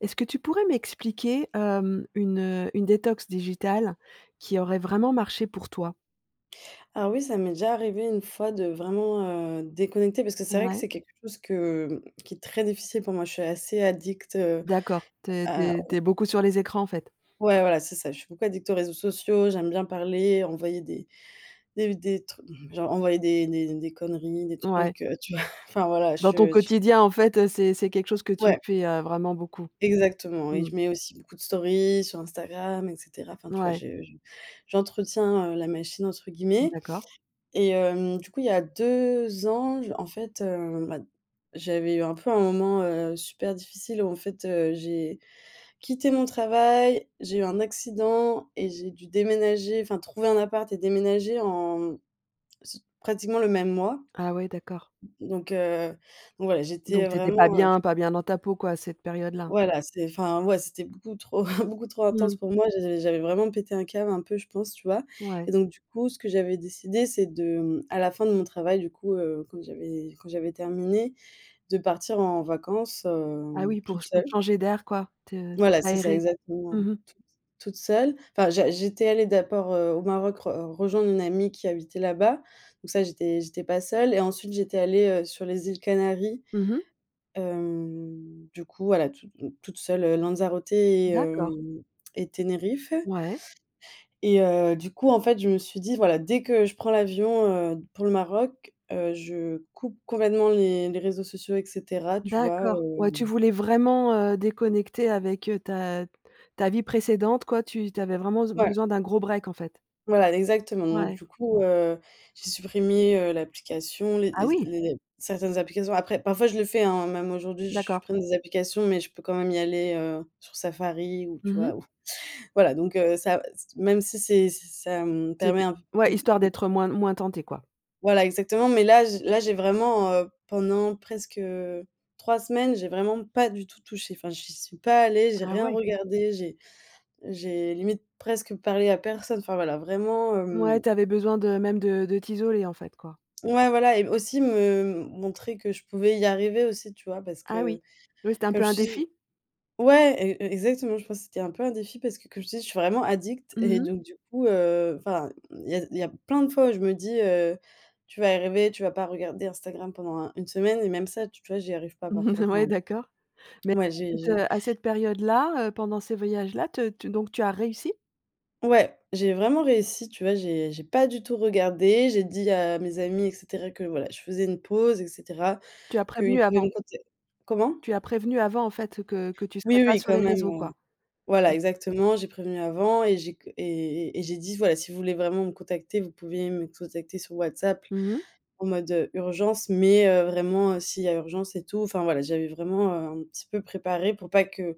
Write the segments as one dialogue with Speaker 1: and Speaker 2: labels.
Speaker 1: Est-ce que tu pourrais m'expliquer, hem, une heu, une détox digitale qui aurait vraiment marché pour toi?
Speaker 2: Alors oui, ça m'est déjà arrivé une fois de vraiment, heu, déconnecter parce que c'est vrai que
Speaker 1: Ouais.
Speaker 2: c'est quelque chose que mmh, qui est très difficile pour moi, je suis assez addict, heu,
Speaker 1: D'accord, tu es tu
Speaker 2: à
Speaker 1: es tu
Speaker 2: au
Speaker 1: es beaucoup sur les écrans en fait?
Speaker 2: Ouais, voilà c'est ça, je suis beaucoup addict aux réseaux sociaux, j'aime bien parler, envoyer des des v des trucs genre envoyer des des des conneries, des
Speaker 1: Mouais.
Speaker 2: trucs, heu, tu vois? Enfin voilà, je
Speaker 1: Dans ton
Speaker 2: ch
Speaker 1: quotidien en fait heu, c'est c'est quelque chose que tu
Speaker 2: Ouais.
Speaker 1: fais heu, vraiment beaucoup.
Speaker 2: Exactement. Et
Speaker 1: Mmh mh.
Speaker 2: je mets aussi beaucoup de stories sur Instagram, et cetera. Enfin tu vois,
Speaker 1: Mouais.
Speaker 2: je je j'entretiens heu, la machine, entre guillemets.
Speaker 1: D'accord.
Speaker 2: Et hem, du coup, il y a 2 ans, j en fait, heu, bah, j'avais eu un peu un moment, heu, super difficile où en fait, heu, j'ai quitté mon travail, j'ai eu un accident et j'ai dû déménager, enfin trouver un appart et déménager en mmh s pratiquement le même mois.
Speaker 1: Ah ouais, d'accord.
Speaker 2: Donc, heu, donc voilà, j'étais
Speaker 1: Donc
Speaker 2: heu,
Speaker 1: tu étais pas
Speaker 2: vraiment, heu
Speaker 1: bien pas bien dans ta peau, quoi, à cette période-là?
Speaker 2: Voilà, c'était enfin, ouais, c'était beaucoup trop beaucoup trop intense
Speaker 1: Mmh.
Speaker 2: pour moi. J'avais j'avais vraiment pété un câble un peu, je pense, tu vois. Et
Speaker 1: Ouais.
Speaker 2: donc du coup, ce que j'avais décidé, c'est de, mmh, à la fin de mon travail, du coup, heu, quand j'avais quand j'avais terminé, de partir en vacances,
Speaker 1: Ah
Speaker 2: hem,
Speaker 1: oui, pour
Speaker 2: toute
Speaker 1: ch pour te
Speaker 2: seule.
Speaker 1: changer d'air quoi, te
Speaker 2: Voilà, c'est ça
Speaker 1: t'aérer.
Speaker 2: exactement
Speaker 1: Mmh mh.
Speaker 2: toute toute seule. Enfin, j'a j'étais allée d'abord, heu, au Maroc re rejoindre une amie qui habitait là-bas. Donc ça, j'étais j'étais pas seule et ensuite j'étais allée, heu, sur les îles Canaries,
Speaker 1: Mmh mh.
Speaker 2: hem, du coup voilà toute m toute seule heu, Lanzarote et
Speaker 1: D'accord.
Speaker 2: hem et Tenerife.
Speaker 1: Ouais.
Speaker 2: Et heu, du coup, en fait, je me suis dit: «voilà, dès que je prends l'avion, heu, pour le Maroc, heu, je coupe complètement les les réseaux sociaux et cetera» tu vois
Speaker 1: D'accord, ouais,
Speaker 2: hem?
Speaker 1: tu voulais vraiment, heu, déconnecter avec, heu, ta ta vie précédente quoi tu tu avais vraiment be
Speaker 2: Ouais.
Speaker 1: besoin d'un gros break en fait?
Speaker 2: Voilà, exactement. Donc
Speaker 1: Ouais.
Speaker 2: du coup, heu, j'ai supprimé, heu, l'application, les
Speaker 1: Ah
Speaker 2: et z
Speaker 1: oui!
Speaker 2: les certaines applications, après parfois je le fais, hein, même aujourd'hui je
Speaker 1: D'accord.
Speaker 2: supprime des applications, mais je peux quand même y aller, heu, sur Safari ou tu
Speaker 1: Mmh
Speaker 2: vois
Speaker 1: mh.
Speaker 2: ou voilà donc, heu, ça c t même si c'est si ça me permet
Speaker 1: C'était
Speaker 2: un peu
Speaker 1: ouais
Speaker 2: de
Speaker 1: histoire
Speaker 2: de
Speaker 1: d'être moins moins tentée quoi?
Speaker 2: Voilà exactement, mais là j là j'ai vraiment heu, pendant presque, heu, 3 semaines, j'ai vraiment pas du tout touché, enfin j'y suis pas allée, j'ai
Speaker 1: Ah
Speaker 2: rien
Speaker 1: ouais.
Speaker 2: regardé, j'ai j'ai limite presque parlé à personne, enfin voilà vraiment,
Speaker 1: Ouais,
Speaker 2: hem.
Speaker 1: tu avais besoin de même de de t'isoler en fait quoi?
Speaker 2: Ouais, voilà et aussi me montrer que je pouvais y arriver aussi, tu vois? Parce
Speaker 1: Ah oui.
Speaker 2: que
Speaker 1: Oui c'était un
Speaker 2: comme
Speaker 1: peu
Speaker 2: je
Speaker 1: un
Speaker 2: te dis
Speaker 1: défi?
Speaker 2: ouais et heu, exactement je pense que c'était un peu un défi parce que comme je te dis je suis vraiment addict
Speaker 1: Mmh
Speaker 2: et
Speaker 1: mh.
Speaker 2: donc du coup, heu enfin il y a il y a plein de fois où je me dis: «heu, tu vas y arriver, tu vas pas regarder Instagram pendant un une semaine» et même ça tu vois j'y arrive pas parfois, enfin.
Speaker 1: Ouais, d'accord, mais
Speaker 2: Ouais,
Speaker 1: à
Speaker 2: j'ai
Speaker 1: cette
Speaker 2: j'ai
Speaker 1: heu à cette période-là, heu, pendant ces voyages-là, te tu donc tu as réussi?
Speaker 2: Ouais, j'ai vraiment réussi tu vois, j'ai j'ai pas du tout regardé, j'ai dit à mes amis et cetera que voilà je faisais une pause et cetera
Speaker 1: Tu as
Speaker 2: qu'ils
Speaker 1: prévenu
Speaker 2: pouvaient
Speaker 1: avant?
Speaker 2: me contac comment?
Speaker 1: Tu as prévenu avant en fait que que tu
Speaker 2: Oui,
Speaker 1: serais pas
Speaker 2: oui,
Speaker 1: sur
Speaker 2: quand
Speaker 1: les
Speaker 2: même,
Speaker 1: réseaux
Speaker 2: heu,
Speaker 1: quoi.
Speaker 2: voilà,
Speaker 1: OK.
Speaker 2: exactement j'ai prévenu avant et j'ai qu et et et j'ai dit: «voilà si vous voulez vraiment me contacter, vous pouvez me contacter sur WhatsApp
Speaker 1: Mmh mh.
Speaker 2: en mode heu, urgence, mais heu, vraiment s'il y a urgence et tout» enfin voilà j'avais vraiment, heu, un petit peu préparé pour pas que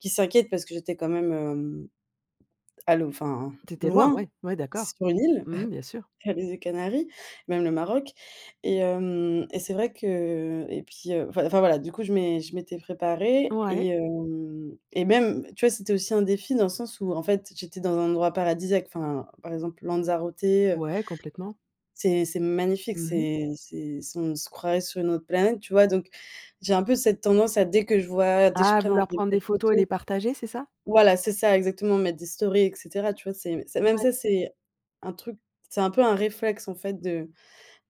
Speaker 2: qu'ils s'inquiètent parce que j'étais quand même hem, à l'au enfin
Speaker 1: Tu étais loin.
Speaker 2: loin,
Speaker 1: Ouais, ouais, d'accord.
Speaker 2: sur une île,
Speaker 1: Mmh mh, bien sûr.
Speaker 2: sur les îles Canaries, même le Maroc. Et hem et c'est vrai que et puis heu, enfin enfin voilà, du coup je m'é je m'étais préparée
Speaker 1: Ouais.
Speaker 2: et hem, et même, tu vois, c'était aussi un défi dans le sens où en fait, j'étais dans un endroit paradisiaque, enfin par exemple Lanzarote, heu
Speaker 1: Ouais, complètement.
Speaker 2: c'est c'est magnifique,
Speaker 1: Mmh mh.
Speaker 2: c'est c'est c'est on se croirait sur une autre planète, tu vois, donc j'ai un peu cette tendance à dès que je vois, dès que je
Speaker 1: Ah!
Speaker 2: pré
Speaker 1: Vouloir
Speaker 2: [unintelligible] des
Speaker 1: prendre des
Speaker 2: belles
Speaker 1: photos et les
Speaker 2: photos
Speaker 1: partager c'est ça?
Speaker 2: voilà c'est ça exactement mettre des stories et cetera, tu vois c'est c'est même
Speaker 1: Mouais.
Speaker 2: ça, c'est un truc, c'est un peu un réflexe en fait de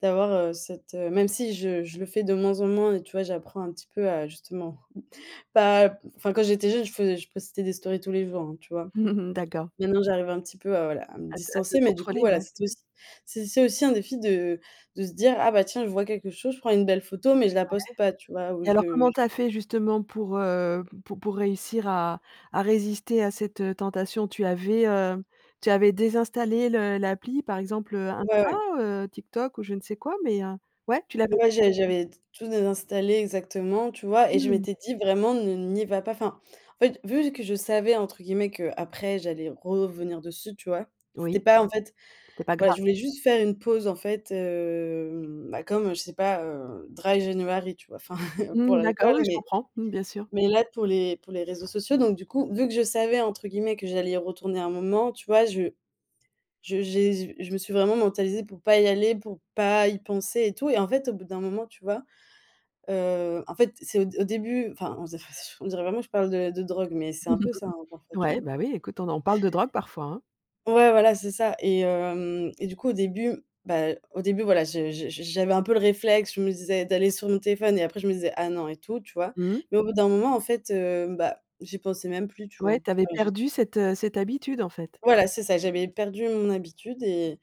Speaker 2: d'avoir, heu, cette, heu même si je je le fais de moins en moins et tu vois j'apprends un petit peu à justement pas enfin quand j'étais jeune je faisais je postais des stories tous les jours, hein, tu vois?
Speaker 1: D'accord.
Speaker 2: Maintenant j'arrive un petit peu à, voilà, à me
Speaker 1: À te à te
Speaker 2: distancer, mais du coup,
Speaker 1: contrôler,
Speaker 2: voilà
Speaker 1: ouais.
Speaker 2: c'était
Speaker 1: [unintelligible]
Speaker 2: aussi c'est c'est aussi un défi de de se dire: «Ah, bah tiens je vois quelque chose, je prends une belle photo mais je la
Speaker 1: Ouais.
Speaker 2: poste pas» tu vois, ou
Speaker 1: Et
Speaker 2: je
Speaker 1: alors
Speaker 2: le
Speaker 1: comment
Speaker 2: j
Speaker 1: tu as fait justement pour, heu, pour pour réussir à à résister à cette heu, tentation? Tu avais, heu tu avais désinstallé le l'appli? Par exemple, heu, Insta,
Speaker 2: Ouais.
Speaker 1: heu, TikTok ou je ne sais quoi mais heu ouais, tu l'avais
Speaker 2: Ouais,
Speaker 1: désinstallée?
Speaker 2: j'ai j'avais tout désinstallé exactement, tu vois, et je
Speaker 1: Mmh.
Speaker 2: m'étais dit vraiment, ne n'y va pas. Enfin, en fait, vu que je savais entre guillemets qu'après j'allais revenir dessus, tu vois, c'était
Speaker 1: Oui,
Speaker 2: pas en fait
Speaker 1: c'était pas
Speaker 2: voilà,
Speaker 1: grave.
Speaker 2: je voulais juste faire une pause en fait, hem, bah comme je sais pas, heu, dry january, tu vois, enfin pour
Speaker 1: Mmh, d'accord
Speaker 2: l'alcool,
Speaker 1: oui, oui je
Speaker 2: mais
Speaker 1: comprends, bien sûr.
Speaker 2: mais là pour les pour les réseaux sociaux, donc du coup, vu que je savais entre guillemets que j'allais y retourner à un moment, tu vois, je je j'ai j je me suis vraiment mentalisée pour pas y aller, pour pas y penser et tout. Et en fait, au bout d'un moment, tu vois, heu en fait, c'est au d au début, enfin on [unintelligible] on dirait vraiment je parle de de drogue, mais c'est un peu ça, hein, parfois, tu
Speaker 1: Ouais,
Speaker 2: vois?
Speaker 1: ben oui, écoute on en parle de drogue parfois, hein.
Speaker 2: Ouais voilà c'est ça et hem, et du coup au début bah, au début voilà je je j j'avais un peu le réflexe, je me disais d'aller sur mon téléphone et après je me disais: «Ah non, et tout», tu vois?
Speaker 1: Mmh.
Speaker 2: Mais au bout d'un moment en fait, heu, bah, j'y pensais même plus, tu vois?
Speaker 1: Ouais, tu avais
Speaker 2: Enfin j'y. [unintelligible]
Speaker 1: perdu cette heu, cette habitude en fait?
Speaker 2: Voilà c'est ça, j'avais perdu mon habitude et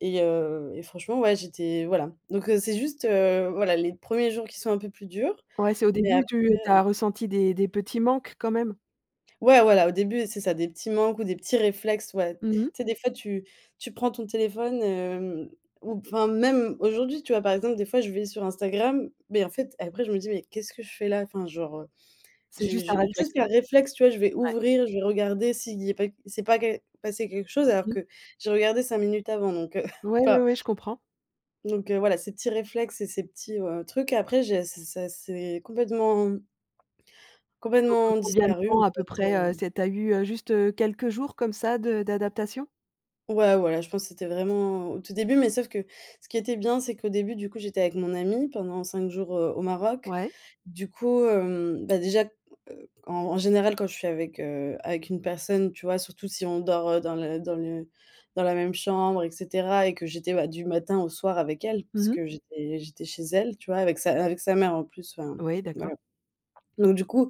Speaker 2: et heu, et franchement, ouais, j'étais voilà. Donc heu, c'est juste, heu, voilà, les 1ers jours qui sont un peu plus durs,
Speaker 1: Ouais, c'est au
Speaker 2: mais
Speaker 1: début
Speaker 2: après,
Speaker 1: tu tu
Speaker 2: heu.
Speaker 1: as ressenti des des petits manques quand même?
Speaker 2: Ouais, voilà, au début, c'est ça, des petits manques ou des petits réflexes, ouais. Tu
Speaker 1: Mmh mh.
Speaker 2: sais, des fois, tu tu prends ton téléphone, hem, ou p enfin même aujourd'hui tu vois, par exemple des fois je vais sur Instagram, beh en fait après je me dis: «mais qu'est-ce que je fais là» enfin genre, heu,
Speaker 1: C'est
Speaker 2: j'ai
Speaker 1: juste un
Speaker 2: j'ai,
Speaker 1: réflexe.
Speaker 2: juste par réflexe, tu vois, je vais
Speaker 1: Ouais.
Speaker 2: ouvrir, je vais regarder si il y a pas s'est pas que passé quelque chose alors
Speaker 1: Mmh.
Speaker 2: que j'ai regardé 5 minutes avant donc, heu,
Speaker 1: Ouais, ouais,
Speaker 2: enfin.
Speaker 1: ouais, je comprends.
Speaker 2: Donc, heu, voilà ces petits réflexes et ces petits, heu, trucs après j'ai c'est c'est ça s'est complètement
Speaker 1: Au bout de
Speaker 2: complètement
Speaker 1: combien de
Speaker 2: disparus,
Speaker 1: temps
Speaker 2: en
Speaker 1: à peu
Speaker 2: fait,
Speaker 1: près, heu
Speaker 2: heu.
Speaker 1: c'est tu as eu heu, juste, heu, quelques jours comme ça de d'adaptation?
Speaker 2: Ouais voilà, je pense que c'était vraiment au tout début, mais sauf que ce qui était bien, c'est qu'au début du coup, j'étais avec mon amie pendant 5 jours, heu, au Maroc.
Speaker 1: Ouais.
Speaker 2: Du coup hem bah déjà, heu, en en général quand je suis avec, heu avec une personne, tu vois surtout si on dort, heu, dans le dans le dans la même chambre et cetera, et que j'étais, bah, du matin au soir avec elle
Speaker 1: Mmh mh.
Speaker 2: puisque, j'étais j'étais chez elle tu vois? Avec sa avec sa mère en plus enfin
Speaker 1: Oui
Speaker 2: voilà.
Speaker 1: d'accord.
Speaker 2: Donc du coup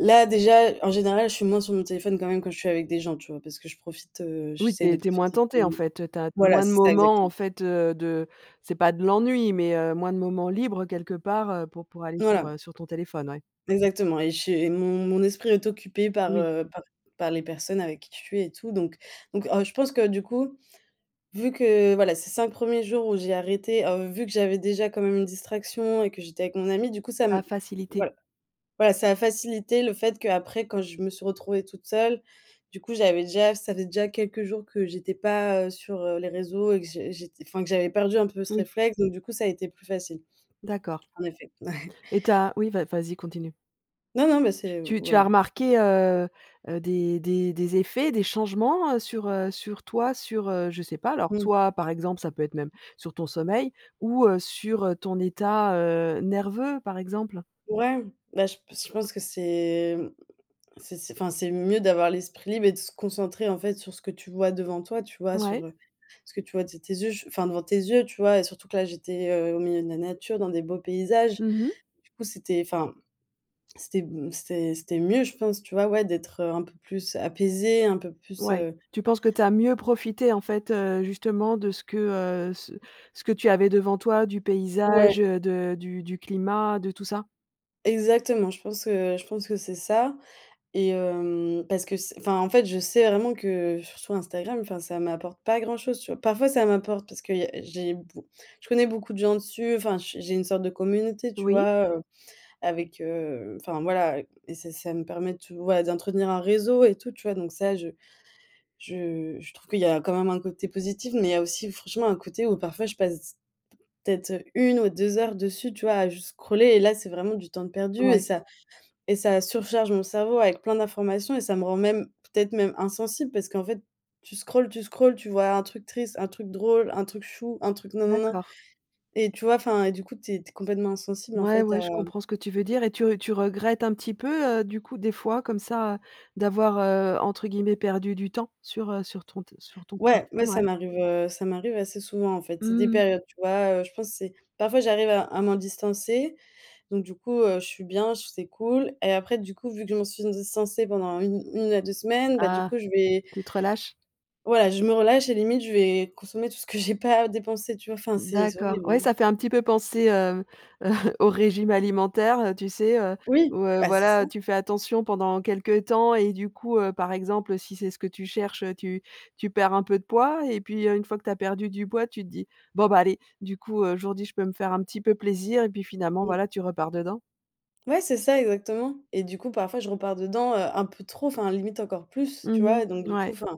Speaker 2: là déjà, en général je suis moins sur mon téléphone quand même, quand je suis avec des gens, tu vois? Parce que je profite, heu,
Speaker 1: Oui tu
Speaker 2: j'essaie de
Speaker 1: es tu es moins
Speaker 2: profiter
Speaker 1: tentée en
Speaker 2: plus
Speaker 1: fait, heu, tu as tu as
Speaker 2: Voilà
Speaker 1: moins de
Speaker 2: c'est ça
Speaker 1: moments en
Speaker 2: exactement.
Speaker 1: fait heu de c'est pas de l'ennui, mais, heu, moins de moments libres, heu, quelque part, heu, pour pour aller sur,
Speaker 2: Voilà.
Speaker 1: heu, sur ton téléphone. Ouais.
Speaker 2: Exactement. Et chez mon mon esprit est occupé par,
Speaker 1: Oui.
Speaker 2: heu, par par les personnes avec qui je suis et tout. Donc donc, heu, je pense que du coup, vu que, heu, voilà ces 5 1ers jours où j'ai arrêté, heu, vu que j'avais déjà quand même une distraction et que j'étais avec mon amie, du coup ça
Speaker 1: A
Speaker 2: me
Speaker 1: facilité.
Speaker 2: voilà voilà, ça a facilité le fait qu'après quand je me suis retrouvée toute seule, du coup j'avais déjà ça faisait déjà quelques jours que j'étais pas, heu, sur, heu, les réseaux et que j'ai j'ét enfin que j'avais perdu un peu ce
Speaker 1: Oui.
Speaker 2: réflexe, donc du coup ça a été plus facile.
Speaker 1: D'accord.
Speaker 2: En effet
Speaker 1: Et tu as oui, vas vas-y continue.
Speaker 2: Non, non, mais c'est
Speaker 1: Tu tu as
Speaker 2: voilà.
Speaker 1: remarqué, heu, heu, des des des effets, des changements, heu, sur, heu, sur toi sur, heu, je sais pas. Alors,
Speaker 2: Mmh.
Speaker 1: soit, par exemple ça peut être même sur ton sommeil ou, heu, sur, heu, ton état, heu, nerveux, par exemple?
Speaker 2: Ouais, bah, je s je pense que c'est, heu, c'est c'est enfin, c'est mieux d'avoir l'esprit libre et de se concentrer, en fait, sur ce que tu vois devant toi, tu vois, sur,
Speaker 1: Ouais.
Speaker 2: heu, ce que tu vois de tes yeux, je enfin, devant tes yeux, tu vois? Et surtout que là, j'étais, heu, au milieu de la nature, dans des beaux paysages.
Speaker 1: Mmh mh.
Speaker 2: Du coup, c'était enfin, c'était m c'était c'était mieux je pense, tu vois, ouais, d'être un peu plus apaisée, un peu plus,
Speaker 1: Ouais,
Speaker 2: heu
Speaker 1: tu penses que tu as mieux profité, en fait, heu, justement, de ce que, heu, ce ce que tu avais devant toi, du paysage,
Speaker 2: Ouais.
Speaker 1: heu, de du du climat, de tout ça?
Speaker 2: Exactement, je pense que, heu, je pense que c'est ça et hem parce que s enfin, en fait, je sais vraiment que, heu, surtout Instagram, enfin ça m'apporte pas grand-chose, tu vois? Parfois, ça m'apporte parce que il y a j'ai b je connais beaucoup de gens dessus. Enfin j j'ai une sorte de communauté, tu
Speaker 1: Oui.
Speaker 2: vois? Heu, avec heu enfin, voilà. Et et ça ça, me permet de, voilà, d'entretenir un réseau et tout, tu vois? Donc ça, je je, heu, je trouve qu'il y a quand même un côté positif. Mais il y a aussi franchement un côté où parfois je passe peut-être 1 ou 2 heures dessus, tu vois, à juste scroller. Et là, c'est vraiment du temps de perdu et
Speaker 1: Ouais.
Speaker 2: ça et ça surcharge mon cerveau avec plein d'informations et ça me rend même, peut-être, même, insensible parce qu'en fait, tu scrolls, tu scrolls, tu vois un truc triste, un truc drôle, un truc chou, un truc gnin, gnin, gnin.
Speaker 1: D'accord.
Speaker 2: Et tu vois, enfin et du coup tu es tu es complètement insensible en
Speaker 1: Ouais,
Speaker 2: fait
Speaker 1: ouais,
Speaker 2: à
Speaker 1: je comprends ce que tu veux dire et tu r tu regrettes un petit peu, heu, du coup, des fois, comme ça, heu, d'avoir, heu, entre guillemets «perdu du temps» sur, heu, sur ton te sur ton
Speaker 2: Ouais,
Speaker 1: smartphone,
Speaker 2: mais ça
Speaker 1: ouais?
Speaker 2: m'arrive, heu, ça m'arrive assez souvent, en fait. C'est des
Speaker 1: Mmh mh.
Speaker 2: périodes, tu vois, heu, je pense c'est parfois, j'arrive à à m'en distancer, donc du coup, heu, je suis bien, c'est cool. Et après, du coup, vu que je m'en suis distancée pendant un une à 2 semaines, bah, du
Speaker 1: Ah!
Speaker 2: coup, je vais
Speaker 1: Tu te relâches.
Speaker 2: voilà, je me relâche et limite, je vais consommer tout ce que j'ai pas dépensé, tu vois? Enfin, c'est c'est
Speaker 1: D'accord,
Speaker 2: horrible,
Speaker 1: ouais,
Speaker 2: hein.
Speaker 1: ça fait un petit peu penser, heu heu, au régime alimentaire, heu, tu sais? Heu,
Speaker 2: Oui!
Speaker 1: ouais,
Speaker 2: Bah c'est ça.
Speaker 1: voilà. Tu fais attention pendant quelque temps et du coup, heu, par exemple, si c'est ce que tu cherches, heu, tu tu perds un peu de poids et puis, une fois que tu as perdu du poids, tu te dis: «Bon, bah, allez, du coup, heu, aujourd'hui, je peux me faire un petit peu plaisir» et puis finalement,
Speaker 2: Mmh.
Speaker 1: voilà, tu repars dedans.
Speaker 2: Ouais, c'est ça, exactement. Et du coup, parfois, je repars dedans, heu, un peu trop, enfin, limite encore plus, tu
Speaker 1: Mmh
Speaker 2: vois? Et donc,
Speaker 1: mh,
Speaker 2: du coup,
Speaker 1: ouais.
Speaker 2: enfin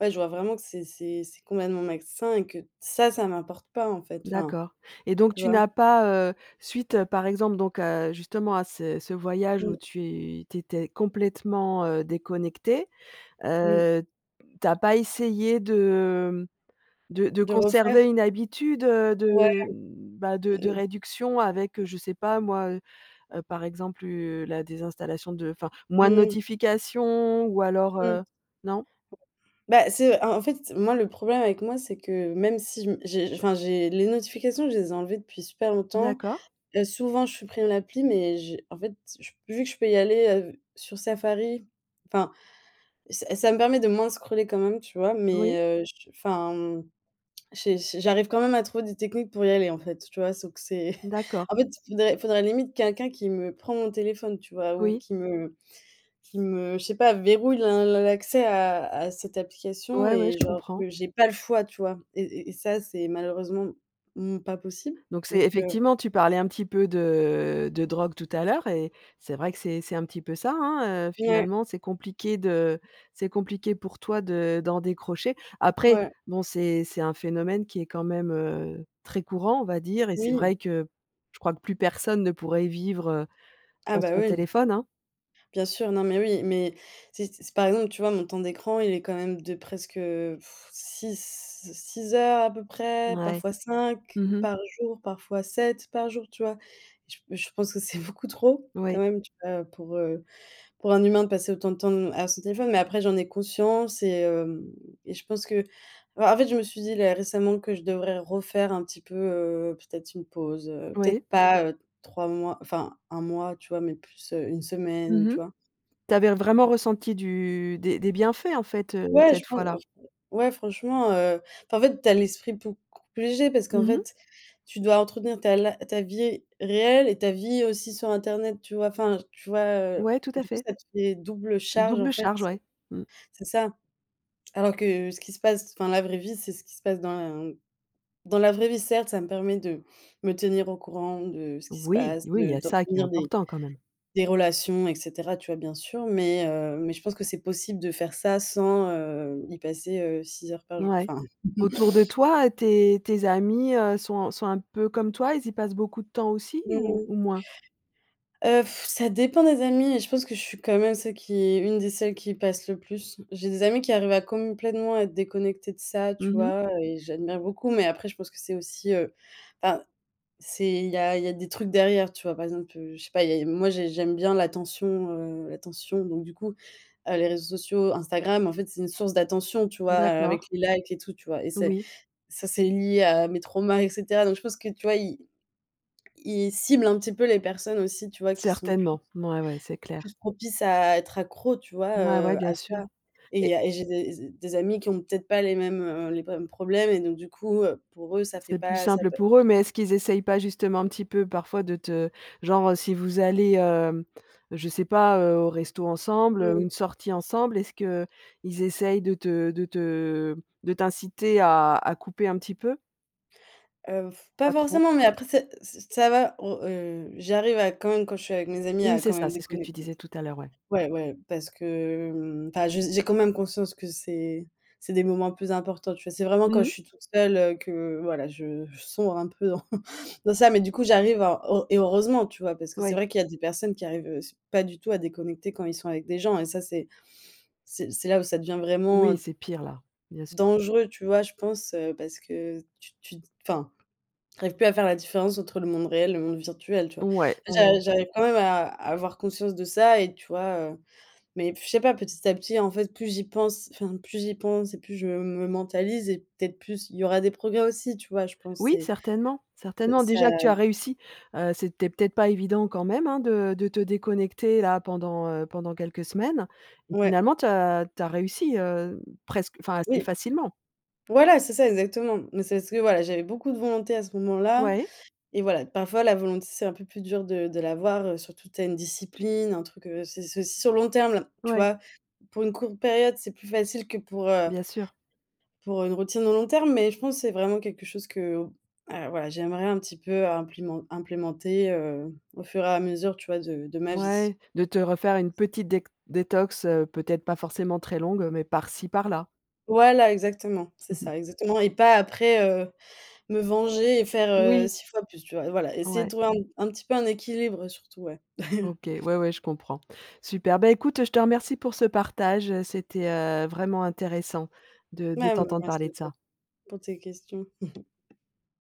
Speaker 2: ouais, je vois vraiment que c'est c'est c'est complètement malsain et que ça, ça m'importe pas, en fait. Enfin
Speaker 1: D'accord, et donc,
Speaker 2: tu
Speaker 1: tu
Speaker 2: vois?
Speaker 1: n'as pas, heu, suite, par exemple, donc, heu, justement à ce ce voyage où
Speaker 2: Mmh.
Speaker 1: tu tu étais complètement, heu, déconnectée,
Speaker 2: Mmh.
Speaker 1: heu, tu as pas essayé de de de
Speaker 2: De refaire?
Speaker 1: conserver une habitude
Speaker 2: Ouais.
Speaker 1: de, bah, de de
Speaker 2: Mmh mh.
Speaker 1: réduction avec, je sais pas moi, heu heu, par exemple, heu, la désinstallation de enfin, moins de
Speaker 2: Mmh.
Speaker 1: notifications ou alors,
Speaker 2: Mmh.
Speaker 1: heu, non?
Speaker 2: Bah, c'est, en en fait, moi, le problème avec moi, c'est que même si je me j'ai, enfin, j'ai les notifications, je les ai enlevées depuis super longtemps.
Speaker 1: D'accord.
Speaker 2: Heu, souvent, je supprime l'appli, mais j'ai, en fait, j vu que je peux y aller, heu, sur Safari enfin, ça ça me permet de moins scroller quand même, tu vois?
Speaker 1: Oui.
Speaker 2: Mais, heu, je, enfin, j'ai j'ai j'arrive quand même à trouver des techniques pour y aller, en fait, tu vois? Sauf que c'est
Speaker 1: D'accord.
Speaker 2: en fait, il faudrait il faudrait, limite, quelqu'un qui me prend mon téléphone, tu vois, ou
Speaker 1: Oui.
Speaker 2: qui me qui me, je sais pas, verrouille la la l'accès à à cette application,
Speaker 1: Ouais, ouais,
Speaker 2: et
Speaker 1: je
Speaker 2: genre
Speaker 1: comprends.
Speaker 2: que j'ai pas le choix, tu vois? Et et et ça, c'est malheureusement, mmh, pas possible,
Speaker 1: Donc, c'est
Speaker 2: donc, heu
Speaker 1: effectivement tu parlais un petit peu de de drogue tout à l'heure et c'est vrai que c'est c'est un petit peu ça, hein. Heu,
Speaker 2: Mouais.
Speaker 1: finalement, c'est compliqué de c'est compliqué pour toi de d'en décrocher. Après,
Speaker 2: Ouais.
Speaker 1: bon, c'est c'est un phénomène qui est quand même, heu, très courant, on va dire, et c'est
Speaker 2: Oui.
Speaker 1: vrai que je crois que plus personne ne pourrait y vivre, heu,
Speaker 2: Ah
Speaker 1: sans
Speaker 2: bah,
Speaker 1: son
Speaker 2: oui!
Speaker 1: téléphone, hein.
Speaker 2: Bien sûr, non mais oui. Mais si s par exemple, tu vois, mon temps d'écran, il est quand même de presque, heu, 6 6 heures à peu près,
Speaker 1: Ouais,
Speaker 2: parfois 5
Speaker 1: mmh mh.
Speaker 2: par jour, parfois 7 par jour, tu vois? Je je pense que c'est beaucoup trop, quand
Speaker 1: Oui.
Speaker 2: même, tu vois, heu, pour, heu, pour un humain de passer autant de temps à son téléphone. Mais après, j'en ai conscience et heu, et je pense que bah, en fait, je me suis dit, là, récemment, que je devrais refaire un petit peu, heu, peut-être une pause, heu.
Speaker 1: Oui.
Speaker 2: Peut-être pas 3 mois, enfin 1 mois tu vois, mais plus, heu, 1 semaine,
Speaker 1: Mmh mh.
Speaker 2: tu vois?
Speaker 1: Tu avais vraiment ressenti du des des bienfaits, en fait, heu,
Speaker 2: Ouais, je
Speaker 1: cette
Speaker 2: pense,
Speaker 1: fois-là?
Speaker 2: enfin. Ouais, franchement, heu, enfin, en fait, tu as l'esprit beaucoup plus léger parce qu'en
Speaker 1: Mmh mh.
Speaker 2: fait, tu dois entretenir ta li ta vie réelle et ta vie aussi sur internet, tu vois? Enfin, tu vois, heu,
Speaker 1: Ouais, tout à
Speaker 2: du coup,
Speaker 1: fait.
Speaker 2: ça te fait double charge, en
Speaker 1: Double
Speaker 2: fait.
Speaker 1: charge,
Speaker 2: C'est
Speaker 1: ouais. Mmh.
Speaker 2: c'est ça. Alors que, ce qui se passe enfin, la vraie vie, c'est ce qui se passe dans la dans la vraie vie, certes. Ça me permet de me tenir au courant de ce qui se
Speaker 1: Oui,
Speaker 2: passe,
Speaker 1: oui, il y
Speaker 2: de
Speaker 1: a ça qui est
Speaker 2: d'entretenir des
Speaker 1: important, quand même.
Speaker 2: des relations, et cetera, tu vois, bien sûr. Mais, heu, mais je pense que c'est possible de faire ça sans, heu, y passer, heu, six heures par jour.
Speaker 1: Ouais.
Speaker 2: Enfin
Speaker 1: Autour de toi, tes tes amis, heu, sont sont un peu comme toi? Ils y passent beaucoup de temps aussi ou
Speaker 2: Mmh.
Speaker 1: ou moins?
Speaker 2: Heu, ça dépend des amis et je pense que je suis quand même celle qui est, une des celles qui passent le plus. J'ai des amis qui arrivent à complétement à être déconnectés de ça, tu
Speaker 1: Mmh mh.
Speaker 2: vois, et j'admire beaucoup. Mais après, je pense que c'est aussi, heu enfin, c'est, il y a il y a des trucs derrière, tu vois. Par exemple, heu, je sais pas, moi j'ai j'aime bien l'attention, heu, l'attention. Donc, du coup, heu, les réseaux sociaux, Instagram, en fait, c'est une source d'attention, tu vois,
Speaker 1: D'accord.
Speaker 2: avec les likes et tout, tu vois? Et c'est
Speaker 1: Oui.
Speaker 2: ça, c'est lié à mes traumas, et cetera. Donc, je pense que, tu vois ils ils ciblent un petit peu les personnes aussi, tu vois, qui sont plus
Speaker 1: Certainement, mouais, ouais, c'est clair.
Speaker 2: plus propices à être accro, tu vois,
Speaker 1: Ouais ouais,
Speaker 2: heu,
Speaker 1: bien
Speaker 2: à
Speaker 1: sûr.
Speaker 2: ça. Et il
Speaker 1: Et
Speaker 2: y a et j'ai des des amis qui ont peut-être pas les mêmes, heu, les mêmes problèmes, et donc, du coup, heu, pour eux, ça fait
Speaker 1: C'est plus
Speaker 2: pas ça a
Speaker 1: simple
Speaker 2: pas
Speaker 1: pour eux. Mais est-ce qu'ils essayent pas, justement, un petit peu parfois de te genre, heu, si vous allez, heu, je sais pas, heu, au resto ensemble ou
Speaker 2: Mmh.
Speaker 1: une sortie ensemble, est-ce qu'ils essayent de te de te, de t'inciter à à couper un petit peu?
Speaker 2: Heu, pas
Speaker 1: Pas trop.
Speaker 2: forcément. Mais après, c'est ç ça va. On, heu, j'arrive à quand même, quand je suis avec mes amis,
Speaker 1: Oui
Speaker 2: à
Speaker 1: c'est
Speaker 2: quand
Speaker 1: ça,
Speaker 2: même
Speaker 1: c'est ce que tu
Speaker 2: déconnecter.
Speaker 1: disais tout à l'heure, ouais.
Speaker 2: Ouai, ouais, parce que, enfin, j'ai j'ai quand même conscience que c'est c'est des moments plus importants. Tu vois, c'est vraiment quand je
Speaker 1: Mmh.
Speaker 2: suis toute seule, heu, que voilà, je je sombre un peu dans ça. Mais du coup, j'arrive à et heureusement, tu vois, parce que c'est
Speaker 1: Oui.
Speaker 2: vrai qu'il y a des personnes qui arrivent, heu, s pas du tout à déconnecter quand ils sont avec des gens, et ça, c'est c'est c'est là où ça devient vraiment,
Speaker 1: Oui,
Speaker 2: heu
Speaker 1: c'est pire, là, bien sûr.
Speaker 2: dangereux, tu vois, je pense, heu, parce que tu tu enfin, tu arrives plus à faire la différence entre le monde réel, le monde virtuel, tu vois?
Speaker 1: Ouais, ouais,
Speaker 2: J'a
Speaker 1: ouais.
Speaker 2: j'arrive quand même à avoir conscience de ça, et tu vois, heu. Mais je sais pas, petit à petit, en fait, plus j'y pense enfin, plus j'y pense et plus je me mentalise, et peut-être plus il y aura des progrès aussi, tu vois, je pense.
Speaker 1: Oui,
Speaker 2: C'est
Speaker 1: certainement,
Speaker 2: c'est
Speaker 1: certainement.
Speaker 2: ça
Speaker 1: Déjà que tu as réussi, heu, c'était peut-être pas évident quand même, hein, de de te déconnecter, là, pendant, heu, pendant quelques semaines. Mais
Speaker 2: Ouais.
Speaker 1: finalement, tu as tu as réussi, heu, presque enfin, assez
Speaker 2: Oui.
Speaker 1: facilement.
Speaker 2: Voilà, c'est ça, exactement. Mais c'est ce que, voilà, j'avais beaucoup de volonté à ce moment-là.
Speaker 1: Ouais
Speaker 2: Et voilà, parfois, la volonté, c'est un peu plus dur de de l'avoir, heu. Surtout, tu as une discipline, un truc, heu c c'est aussi sur le long terme, tu
Speaker 1: Ouais.
Speaker 2: vois? Pour une courte période, c'est plus facile que pour, heu
Speaker 1: Bien sûr.
Speaker 2: pour une routine au long terme. Mais je pense c'est vraiment quelque chose qu'au ah voilà, j'aimerais un petit peu implimen implémenter, heu, au fur et à mesure, tu vois, de de ma vie.
Speaker 1: Ouais, de te refaire une petite dét détox, heu, peut-être pas forcément très longue, mais par-ci, par-là.
Speaker 2: Voilà, exactement, c'est
Speaker 1: Mmh mh.
Speaker 2: ça, exactement. Et pas, après, heu, me venger et faire, heu,
Speaker 1: Oui.
Speaker 2: 6 fois plus, tu vois. Voilà, essayer de
Speaker 1: Ouais.
Speaker 2: trouver un un petit peu un équilibre, surtout, ouais.
Speaker 1: OK. Ouais, ouais, je comprends. Super, bah, écoute, heu, je te remercie pour ce partage, heu, c'était, heu, vraiment intéressant de de
Speaker 2: Bah,
Speaker 1: t'entendre
Speaker 2: merci
Speaker 1: parler
Speaker 2: à
Speaker 1: de
Speaker 2: toi
Speaker 1: ça.
Speaker 2: pour tes questions.